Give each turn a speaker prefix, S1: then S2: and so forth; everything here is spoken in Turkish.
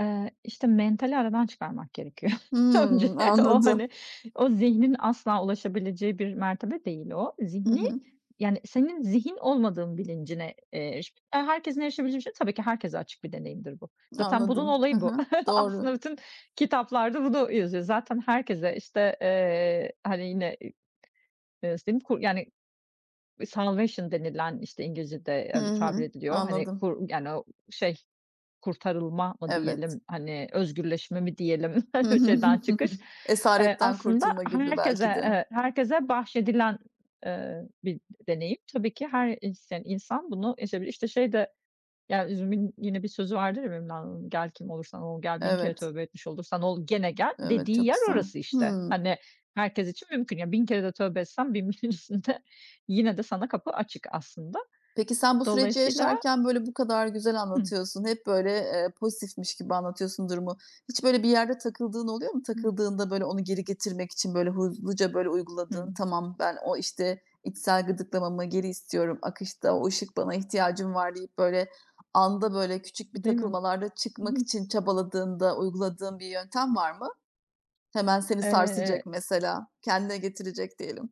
S1: Eee, işte, mentali aradan çıkarmak gerekiyor. Önce
S2: Hımm,
S1: o,
S2: anladım.
S1: hani, o, zihnin asla ulaşabileceği bir mertebe değil o.
S2: Hı
S1: Zihni,
S2: hı.
S1: yani, senin zihin olmadığın bilincine, eee, eriş eee, herkesin erişebileceği bir şey tabii ki, herkese açık bir deneyimdir bu. Zaten, bunun
S2: Anladım. Hı
S1: olayı bu.
S2: hı,
S1: Aslında
S2: doğru.
S1: bütün kitaplarda bunu yazıyor. Zaten herkese, işte, eee, hani, yine, eee, nasıl diyeyim, yani, salvation denilen, işte, İngilizce'de
S2: Hı
S1: öyle tabir
S2: hı,
S1: ediliyor, hani,
S2: anladım.
S1: kur yani o şey kurtarılma mı
S2: Evet.
S1: diyelim, hani, özgürleşme mi diyelim? Şeyden çıkış, eee,
S2: Esaretten
S1: aslında
S2: kurtulma gibi belki
S1: herkese,
S2: de.
S1: evet, herkese bahşedilen, eee, bir deneyim. Tabii ki, her isteyen insan, bunu yaşayabilir. İşte, şey de, ya üzümün yine bir sözü vardır ya, Mevlana'nın, gel kim olursan ol, gel 1000 kere
S2: Evet.
S1: tövbe etmiş olursan ol gene gel,
S2: Evet,
S1: dediği
S2: çok
S1: yer
S2: güzel.
S1: orası işte.
S2: Hımm.
S1: Hani, herkes için mümkün. Ya, 1000 kere de tövbe etsen 1000 1´in üstünde, yine de, sana kapı açık aslında.
S2: Peki sen bu süreci
S1: Dolayısıyla
S2: yaşarken, böyle, bu kadar güzel
S1: Hı.
S2: anlatıyorsun, hep, böyle, eee, pozitifmiş gibi anlatıyorsun durumu. Hiç böyle bir yerde takıldığın oluyor mu?
S1: Hı.
S2: Takıldığında böyle onu geri getirmek için böyle hızlıca, böyle, uyguladığın,
S1: Hı.
S2: tamam ben o, işte, içsel gıdıklamamı geri istiyorum akışta, o ışık bana ihtiyacım var deyip, böyle, anda, böyle, küçük bir
S1: Değil mi?
S2: takılmalarda çıkmak
S1: Hı.
S2: için çabaladığında uyguladığın bir yöntem var mı? Hemen seni sarsacak
S1: Eee
S2: mesela, kendine getirecek diyelim.